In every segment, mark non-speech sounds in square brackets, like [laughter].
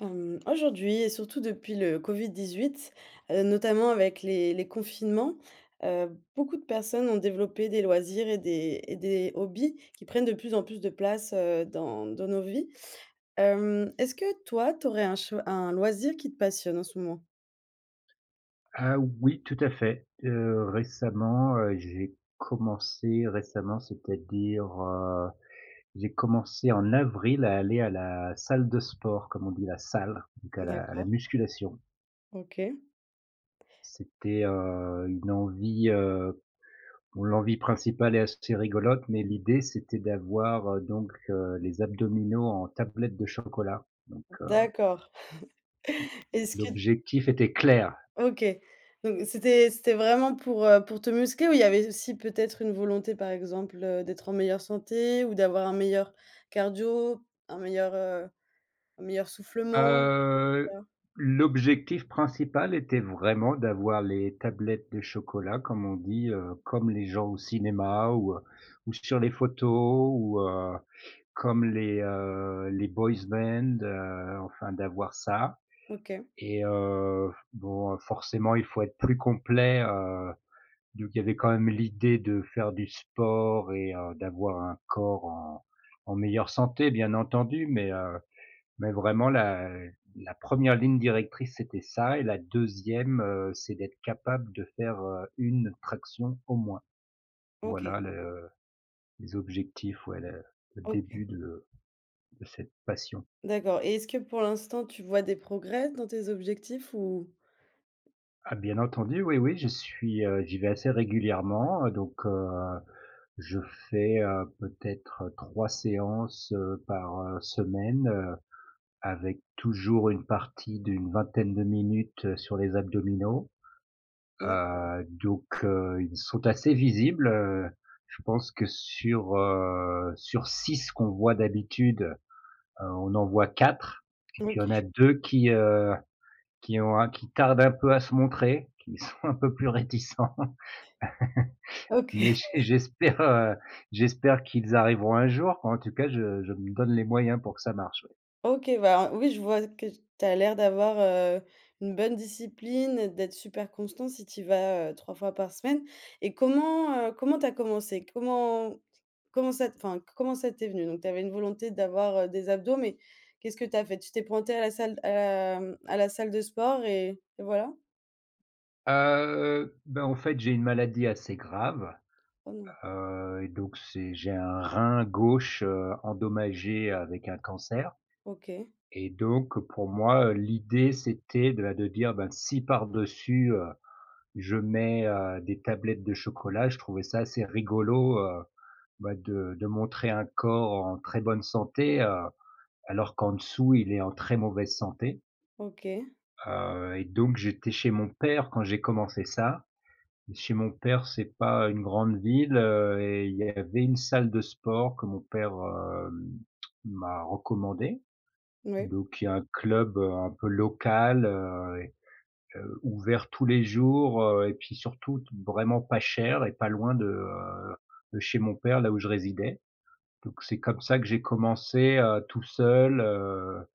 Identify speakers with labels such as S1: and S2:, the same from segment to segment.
S1: Hem, aujourd'hui et surtout depuis le COVID-18, heu, notamment avec les les confinements, heu, beaucoup de personnes ont développé des loisirs et des et des hobbies qui prennent de plus en plus de place, heu, dans dans nos vies, hem, est-ce que toi tu aurais un ch un loisir qui te passionne en ce moment?
S2: Ah oui, tout à fait, heu, récemment, heu, j'ai commencé récemment, c'est-à-dire, heu, j'ai commencé en avril à aller à la salle de sport, comme on dit la salle, donc à la à la
S1: D'accord.
S2: musculation.
S1: OK.
S2: C'était, heu, une envie, heu bon l'envie principale est assez rigolote mais l'idée c'était d'avoir, heu donc heu, les abdominaux en tablette de chocolat donc heu
S1: D'accord. [chuckles] Est-ce que
S2: l'objectif était clair.
S1: OK donc c'était c'était vraiment pour, heu, pour te muscler ou il y avait aussi peut-être une volonté par exemple, heu, d'être en meilleure santé ou d'avoir un meilleur cardio, un meilleur, heu un meilleur soufflement?
S2: Heu,
S1: [unintelligible]
S2: l'objectif principal était vraiment d'avoir les tablettes de chocolat, comme on dit, heu, comme les gens au cinéma ou, heu, ou sur les photos ou, heu, comme les, heu les boys band, heu, enfin d'avoir ça
S1: OK.
S2: et heu, bon forcément il faut être plus complet, heu donc il y avait quand même l'idée de faire du sport et heu, d'avoir un corps en en meilleure santé bien entendu. Mais heu, mais vraiment la la 1re ligne directrice c'était ça et la 2e, heu, c'est d'être capable de faire, heu, 1 traction au moins.
S1: OK.
S2: Voilà le les objectifs, ouais le le
S1: OK.
S2: début de de cette passion.
S1: D'accord et est-ce que, pour l'instant, tu vois des progrès dans tes objectifs ou
S2: Ah, bien entendu, oui, oui. J'y suis, heu j'y vais assez régulièrement, heu, donc heu, je fais, heu, peut-être, heu, 3 séances, heu, par, heu, semaine, heu, avec toujours une partie d'une vingtaine de minutes, heu, sur les abdominaux.
S1: D'accord.
S2: Heu donc heu, ils sont assez visibles, heu, je pense que sur, heu, sur 6 qu'on voit d'habitude, heu, on en voit 4 et puis il y en a
S1: OK.
S2: 2 qui, heu, qui ont un qui tardent un peu à se montrer, qui sont un peu plus réticents. [chuckles]
S1: OK.
S2: Mais j'e j'espère, heu j'espère qu'ils arriveront un jour, en tout cas, je je me donne les moyens pour que ça marche, oui.
S1: OK. Bah, hein, oui, je vois que tu as l'air d'avoir, heu, une bonne discipline, d'être super constant, si tu y vas, heu, 3 fois par semaine et comment, heu, comment tu as commencé? Comment comment ça t enfin, co comment ça t'es venu? Donc tu avais une volonté d'avoir, heu, des abdos mais qu'est-ce que tu as fait? Tu t'es pointé à la salle à la mmh à la salle de sport et et voilà?
S2: Heu, ben en fait, j'ai une maladie assez grave.
S1: Oh non!
S2: Heu et donc c'est j'ai un rein gauche, heu, endommagé avec un cancer.
S1: OK.
S2: Et donc pour moi, heu, l'idée c'était de là de dire, ben, si par-dessus, heu, je mets, heu, des tablettes de chocolat, je trouvais ça assez rigolo, heu, bah, de de montrer un corps en très bonne santé, heu, alors qu'en dessous il est en très mauvaise santé
S1: OK.
S2: heu et donc j'étais chez mon père quand j'ai commencé ça et chez mon père c'est pas une grande ville, heu et il y avait une salle de sport que mon père, hem, m'a recommandé.
S1: Ouais?
S2: Donc il y a un club, heu, un peu local, heu et heu, ouvert tous les jours, heu et puis surtout t vraiment pas cher et pas loin de, heu, de chez mon père là, où je résidais. Donc c'est comme ça que j'ai commencé, heu, tout seul, heu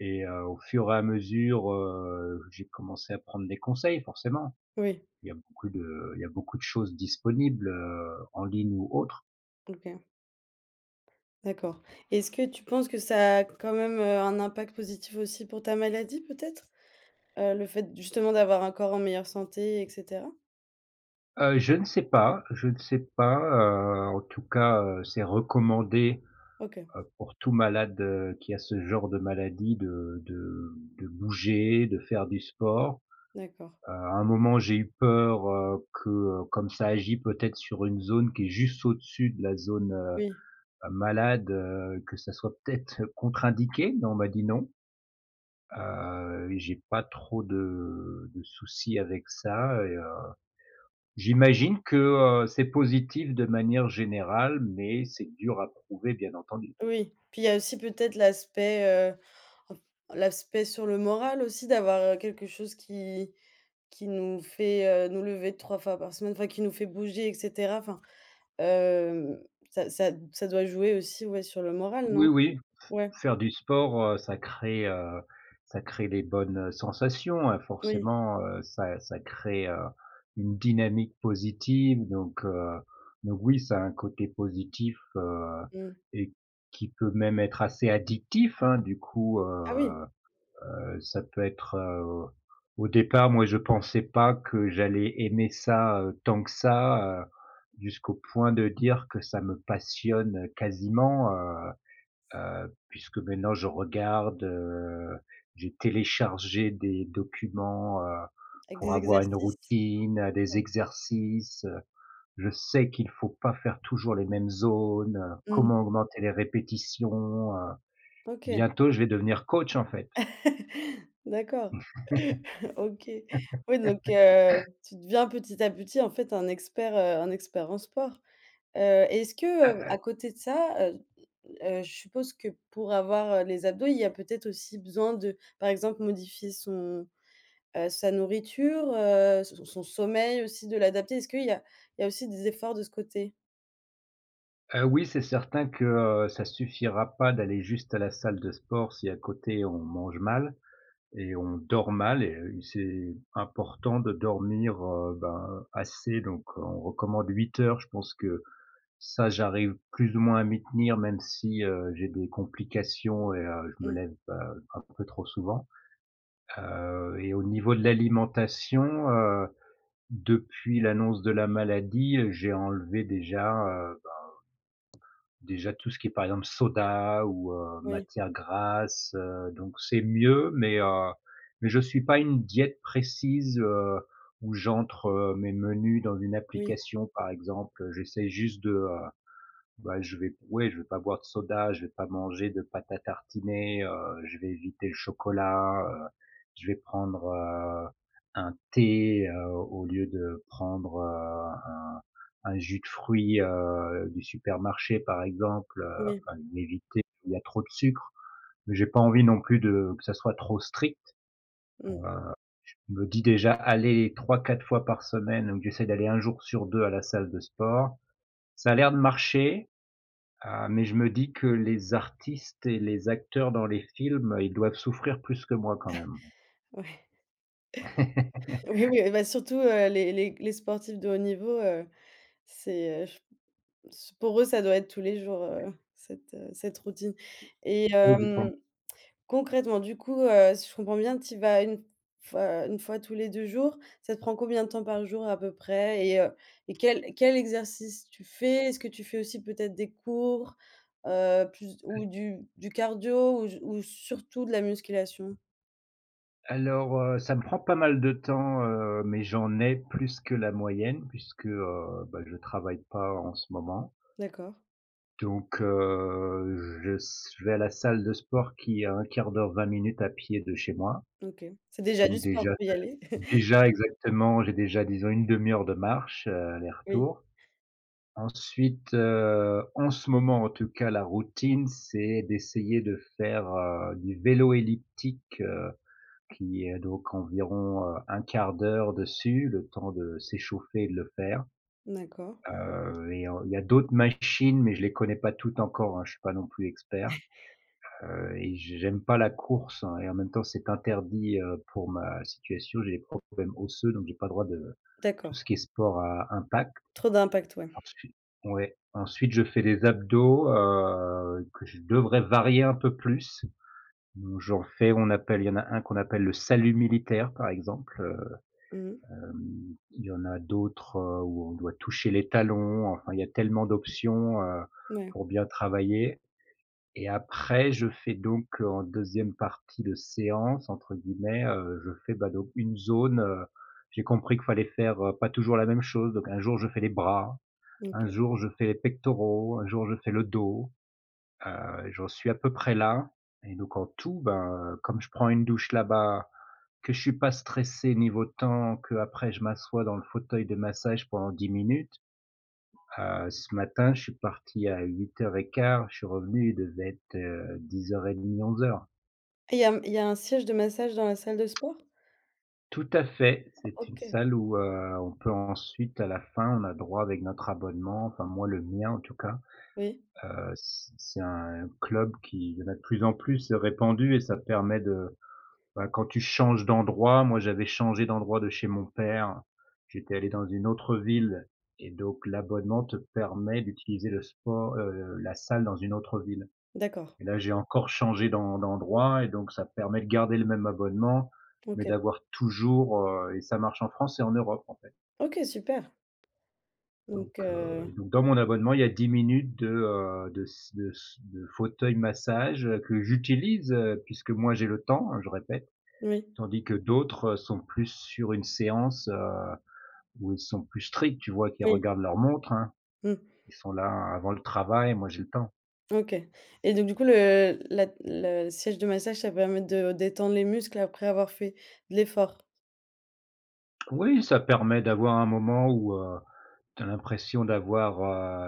S2: et heu, au fur et à mesure, heu, j'ai commencé à prendre des conseils forcément!
S1: Oui.
S2: Il y a beaucoup de il y a beaucoup de choses disponibles, heu, en ligne ou autre.
S1: OK. D'accord. Est-ce que tu penses que ça a quand même, heu, un impact positif aussi pour ta maladie peut-être? Heu, le fait justement d'avoir un corps en meilleure santé et cetera?
S2: Heu, je ne sais pas, je ne sais pas, heu, en tout cas, heu, c'est recommandé,
S1: OK.
S2: heu, pour tout malade qui a ce genre de maladie de de de bouger, de faire du sport,
S1: D'accord.
S2: heu, à un moment j'ai eu peur que comme ça agit, peut-être, sur une zone qui est juste au-dessus de la zone, heu,
S1: Oui.
S2: malade, heu, que ça soit peut-être contre-indiqué mais on m'a dit non. Heu, j'ai pas trop de de soucis avec ça et heu, j'imagine que, heu, c'est positif de manière générale, mais c'est dur à prouver bien entendu.
S1: Oui. Puis il y a aussi peut-être l'aspect, heu, f l'aspect sur le moral aussi d'avoir, heu, quelque chose qui qui nous fait, heu, nous lever 3 fois par semaine enfin qui nous fait bouger et cetera enfin, hem, ça ça d ça doit jouer aussi, ouais, sur le moral, non?
S2: Oui oui,
S1: Ouais.
S2: f faire du sport, heu, ça crée, heu, ça crée les bonnes sensations, hein,
S1: Oui.
S2: forcément, heu, ça ça crée, heu, une dynamique positive donc, heu, donc oui, ça a un côté positif, heu
S1: Mmh.
S2: et qui peut même être assez addictif, hein, du coup,
S1: Ah oui.
S2: heu heu, ça peut être, heu au départ, moi je pensais pas que j'allais aimer ça, tant que ça, heu, jusqu'au point de dire que ça me passionne quasiment, heu heu, puisque maintenant je regarde, heu, j'ai téléchargé des documents, heu,
S1: Avec
S2: pour
S1: des
S2: avoir une
S1: exercices.
S2: routine, des
S1: Ouais.
S2: exercices, je sais qu'il faut pas faire toujours les mêmes zones,
S1: Mmh.
S2: comment augmenter les répétitions, heu,
S1: OK.
S2: bientôt je vais devenir coach, en fait.
S1: [laughs] D'accord. OK. Oui, donc,
S2: [laughs]
S1: heu, tu deviens petit à petit, en fait, un expert, heu, un expert en sport. Heu, et est-ce que, heu,
S2: Heu
S1: à côté de ça, heu heu, je suppose que pour avoir, heu, les abdos, il y a peut-être aussi besoin de par exemple, modifier son, heu, sa nourriture, heu, son son son sommeil aussi de l'adapter. Est-ce qu'il y a il y a aussi des efforts de ce côté?
S2: Heu oui, c'est certain que, heu, ça suffira pas d'aller juste à la salle de sport si à côté on mange mal et on dort mal. Et heu, c'est important de dormir, heu, ben, assez, donc on recommande 8 heures, je pense que ça, j'arrive plus ou moins à m'y tenir, même si, heu, j'ai des complications et heu, je me
S1: Mmh.
S2: lève, heu, un peu trop souvent. Heu et au niveau de l'alimentation, heu, depuis l'annonce de la maladie, heu, j'ai enlevé déjà, heu, ben déjà tout ce qui est par exemple soda ou heu,
S1: Oui.
S2: matière grasse, heu, donc c'est mieux mais, heu, mais je suis pas une diète précise, heu, ou j'entre mes menus dans une
S1: Oui.
S2: application par exemple. J'essaie juste de, heu, bah je vais oui, je vais pas boire de soda, je vais pas manger de pâte à tartiner. Heu, je vais éviter le chocolat. Heu, je vais prendre, heu, un thé, heu, au lieu de prendre, heu, un un jus de fruits, heu, du supermarché, par exemple, heu,
S1: Oui.
S2: afin de m'éviter s'il y a trop de sucre. Mais j'ai pas envie non plus de que ça soit trop strict. Heu,
S1: Mmh.
S2: je me dis déjà: «Allez, 3-4 fois par semaine». Donc j'essaie d'aller 1 jour sur 2 à la salle de sport. Ça a l'air de marcher, heu, mais je me dis que les artistes et les acteurs dans les films, ils doivent souffrir plus que moi quand même.
S1: [chuckles] Ouais.
S2: [laughs]
S1: Oui, oui, ah bah, surtout, heu, les les les sportifs de haut niveau, heu, c'est, heu, je p c pour eux, ça doit être tous les jours, heu, cette, heu, cette routine. Et
S2: Oui, je pen
S1: hem, concrètement, du coup, heu, si je comprends bien, tu y vas 1 f fois 1 fois tous les 2 jours, ça te prend combien de temps par jour à peu près? Et heu et quel quel exercice tu fais? Est-ce que tu fais aussi peut-être des cours? Heu, plus ou
S2: Oui.
S1: du du cardio ou d ou surtout de la musculation?
S2: Alors, heu, ça me prend pas mal de temps, heu, mais j'en ai plus que la moyenne puisque, heu, bah, je travaille pas en ce moment
S1: D'accord.
S2: donc heu, je s je vais à la salle de sport qui est à 1/4 d'heure, 20 minutes à pied de chez moi.
S1: OK. C'est déjà du
S2: Donc
S1: sport
S2: déjà,
S1: pour y
S2: heu,
S1: aller. [chuckles]
S2: déjà exactement, j'ai déjà, disons, 1/2 heure de marche, heu,
S1: Oui.
S2: aller-retour. Ensuite, heu, en ce moment, en tout cas, la routine, c'est d'essayer de faire, heu, du vélo elliptique, heu, qui est donc environ, heu, 1/4 d'heure dessus, le temps de s'échauffer et de le faire.
S1: D'accord.
S2: Heu et en il y a d'autres machines, mais je les connais pas toutes encore, hein. Je suis pas non plus expert.
S1: [chuckles]
S2: Heu et j j'aime pas la course et en même temps, c'est interdit, heu, pour ma situation. J'ai des problèmes osseux donc j'ai pas le droit de tout
S1: D'accord.
S2: ce qui est sport à impact.
S1: Trop d'impact, ouais.
S2: Articu ouais. Ensuite je fais les abdos, heu, que je devrais varier un peu plus. Mmh, j'en fais on appelle il y en a un qu'on appelle le salut militaire, par exemple. Heu,
S1: Mmh.
S2: hem, il y en a d'autres, heu, où on doit toucher les talons. Enfin, il y a tellement d'options, heu,
S1: Mouais.
S2: pour bien travailler et après, je fais donc heu, en 2e partie de séance, entre guillemets, heu, je fais, bah donc une zone, heu j'ai compris qu'il fallait faire, heu, pas toujours la même chose donc un jour, je fais les bras. Un
S1: OK.
S2: jour, je fais les pectoraux. Un jour je fais le dos. Heu et j'en suis à peu près là et donc en tout, ben, heu, comme je prends une douche là-bas, que je suis pas stressé niveau temps, qu'après je m'assois dans le fauteuil de massage pendant 10 minutes. Heu, ce matin, je suis parti à 08:15, je suis revenu, il devait être, heu, 10:30-11:00.
S1: Et il y a m il y a un siège de massage dans la salle de sport?
S2: Tout à fait, c'est une
S1: OK.
S2: salle où, heu, on peut ensuite à la fin, on a droit avec notre abonnement. Enfin moi, le mien en tout cas,
S1: Oui.
S2: heu, c c'est un club qui il y en a de plus en plus répandu et ça permet de, bah, quand tu changes d'endroit, moi, j'avais changé d'endroit, de chez mon père, j'étais allé dans une autre ville et donc l'abonnement te permet d'utiliser le sport heu, la salle dans une autre ville.
S1: D'accord.
S2: Et là, j'ai encore changé d'en d'endroit et donc ça permet de garder le même abonnement mais
S1: OK.
S2: d'avoir toujours, heu et ça marche en France et en Europe, en fait.
S1: OK, super.
S2: Donc,
S1: Donc
S2: heu
S1: heu
S2: et donc dans mon abonnement, il y a 10 minutes de heu, de s de se de fauteuil massage que j'utilise, heu, puisque moi j'ai le temps, je répète,
S1: Oui.
S2: tandis que d'autres sont plus sur une séance, heu, où ils sont plus stricts tu vois, qu'ils
S1: Oui.
S2: regardent leur montre, hein,
S1: Mmh.
S2: ils sont là avant le travail, moi j'ai le temps.
S1: OK et donc du coup le la le siège de massage, ça permet de détendre les muscles après avoir fait l'effort?
S2: Oui, ça permet d'avoir un moment où, heu, tu as l'impression d'avoir,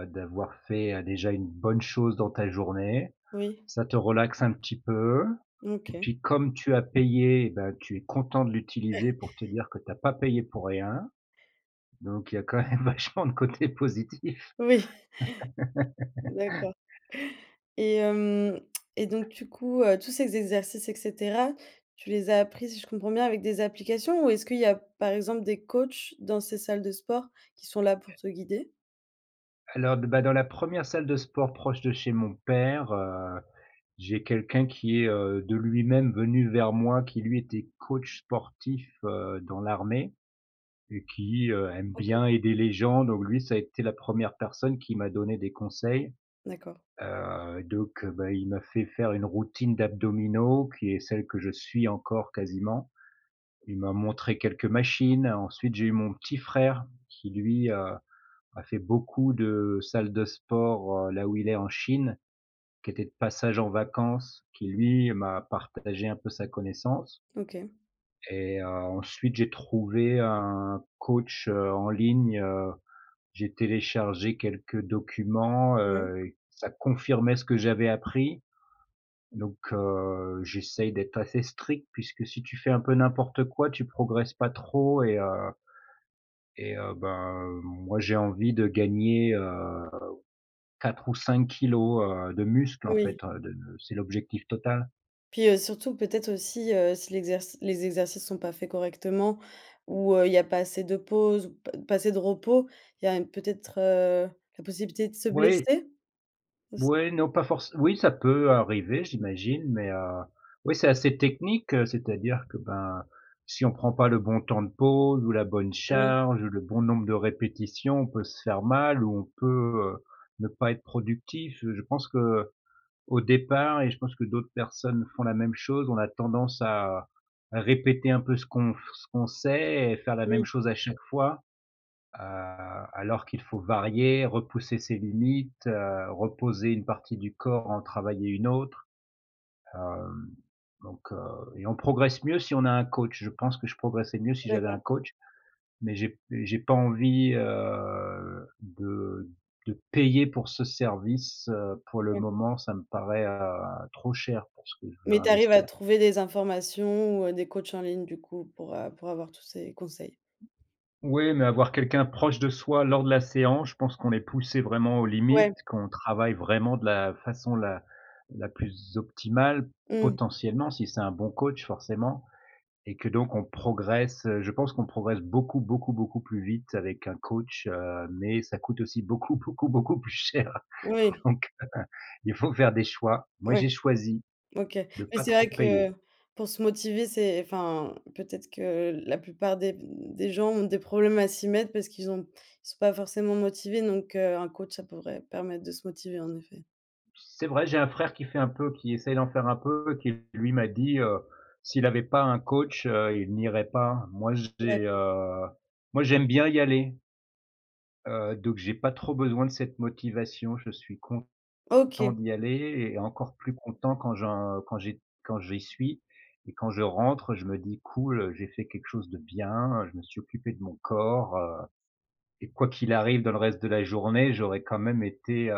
S2: heu, d'avoir fait, heu, déjà une bonne chose dans ta journée.
S1: Oui.
S2: Ça te relaxe un petit peu
S1: Mmh
S2: et
S1: OK.
S2: puis comme tu as payé, beh, tu es content de
S1: [chuckles]
S2: l'utiliser pour te dire que tu as pas payé pour rien, donc il y a quand même vachement de côtés positifs.
S1: Oui!
S2: [laughs]
S1: D'accord. Et hem et donc du coup, heu, tous ces exercices et cetera, tu les as appris si je comprends bien avec des applications? Ou est-ce qu'il y a, par exemple, des coachs dans ces salles de sport qui sont là pour te guider?
S2: Alors, b bah, dans la 1re salle de sport proche de chez mon père, heu, j'ai quelqu'un qui est, heu, de lui-même venu vers moi, qui lui, était coach sportif, heu, dans l'armée et qui, heu, aime
S1: OK.
S2: bien aider les gens, donc lui, ça a été la 1re personne qui m'a donné des conseils.
S1: D'accord.
S2: Heu, donc beh, il m'a fait faire une routine d'abdominaux qui est celle que je suis encore quasiment. Il m'a montré quelques machines, ensuite j'ai eu mon petit frère qui lui, heu, a fait beaucoup de salles de sport, heu, là où il est en Chine, qui était de passage en vacances, qui lui, m'a partagé un peu sa connaissance.
S1: OK.
S2: Et heu, ensuite j'ai trouvé un coach, heu, en ligne, heu, j'ai téléchargé quelques documents,
S1: Ouais.
S2: heu, ça confirmait ce que j'avais appris, donc heu, j'essaie d'être assez strict puisque si tu fais un peu n'importe quoi, tu progresses pas trop et heu et heu, ben, heu, moi j'ai envie de gagner, heu, 4 ou 5 kilos, heu, de muscles en
S1: Oui.
S2: fait, heu, de c'est l'objectif total.
S1: Puis, heu, surtout peut-être aussi, heu, si l'exerci les exercices sont pas faits correctement ou heu, il y a pas assez de pause ou pa pas assez de repos, il y a un peut-être, heu, la possibilité de se
S2: Ouais et
S1: blesser? Aussi.
S2: Ouais non pas forcé oui ça peut arriver j'imagine mais heu, oui, c'est assez technique, c'est-à-dire que, ben, si on prend pas le bon temps de pause ou la bonne
S1: Oui.
S2: charge ou le bon nombre de répétitions, on peut se faire mal ou on peut, heu, ne pas être productif. Je pense qu'au départ- et je pense que d'autres personnes font la même chose- on a tendance à à répéter un peu ce qu'on f ce qu'on sait et faire la même
S1: Oui.
S2: chose à chaque fois. Heu, alors qu'il faut varier, repousser ses limites, heu, reposer une partie du corps en travailler une autre. Hem, donc heu et on progresse mieux si on a un coach, je pense que je progresserais mieux si j'avais
S1: D'accord.
S2: un coach mais j'ai p mais j'ai pas envie, heu, de de payer pour ce service, heu, pour le
S1: Mmh.
S2: moment ça me paraît, heu, trop cher pour ce que je veux
S1: Mais tu arrives à
S2: investir.
S1: trouver des informations ou heu, des coachs en ligne du coup pour, heu, pour avoir tous ces conseils?
S2: Oui, mais avoir quelqu'un proche de soi lors de la séance, je pense qu'on est poussé vraiment aux
S1: Ouais.
S2: limites, qu'on travaille vraiment de la façon la la plus optimale,
S1: Mmh.
S2: potentiellement, si c'est un bon coach forcément et que donc on progresse, je pense qu'on progresse beaucoup, beaucoup, beaucoup plus vite avec un coach, heu, mais ça coûte aussi beaucoup, beaucoup, beaucoup plus cher,
S1: Oui.
S2: donc heu, il faut faire des choix. Moi,
S1: Ouais.
S2: j'ai choisi
S1: OK,
S2: de
S1: mais
S2: pas
S1: c'est vrai
S2: trop payer.
S1: que pour se motiver, c'est enfin, peut-être que la plupart des, mmh, des gens ont des problèmes à s'y mettre parce qu'ils ont ils sont pas forcément motivés, donc heu, un coach, ça pourrait permettre de se motiver en effet.
S2: C'est vrai, j'ai un frère qui fait un peu qui essaie d'en faire un peu, qui lui m'a dit, heu, s'il avait pas un coach, heu, il n'irait pas. Moi, j'ai,
S1: D'accord.
S2: heu, moi j'aime bien y aller. Heu, donc j'ai pas trop besoin de cette motivation, je suis content
S1: OK.
S2: d'y aller et encore plus content quand j'en quand j'ai quand j'y suis et quand je rentre, je me dis: «Cool, heu, j'ai fait quelque chose de bien, je me suis occupé de mon corps», heu, et quoi qu'il arrive dans le reste de la journée, j'aurais quand même été, heu,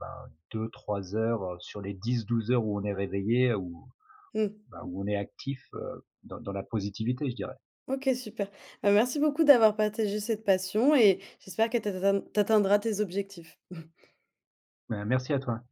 S2: ben 2-3 heures, heu, sur les 10-12 heures où on est réveillé ou
S1: Mmh.
S2: bah où on est actif, heu, dans dans la positivité, je dirais.
S1: OK, super. Bah, merci beaucoup d'avoir partagé cette passion et j'espère que t'atatteinde t'atteindras tes objectifs. [chuckles]
S2: Ben merci à toi.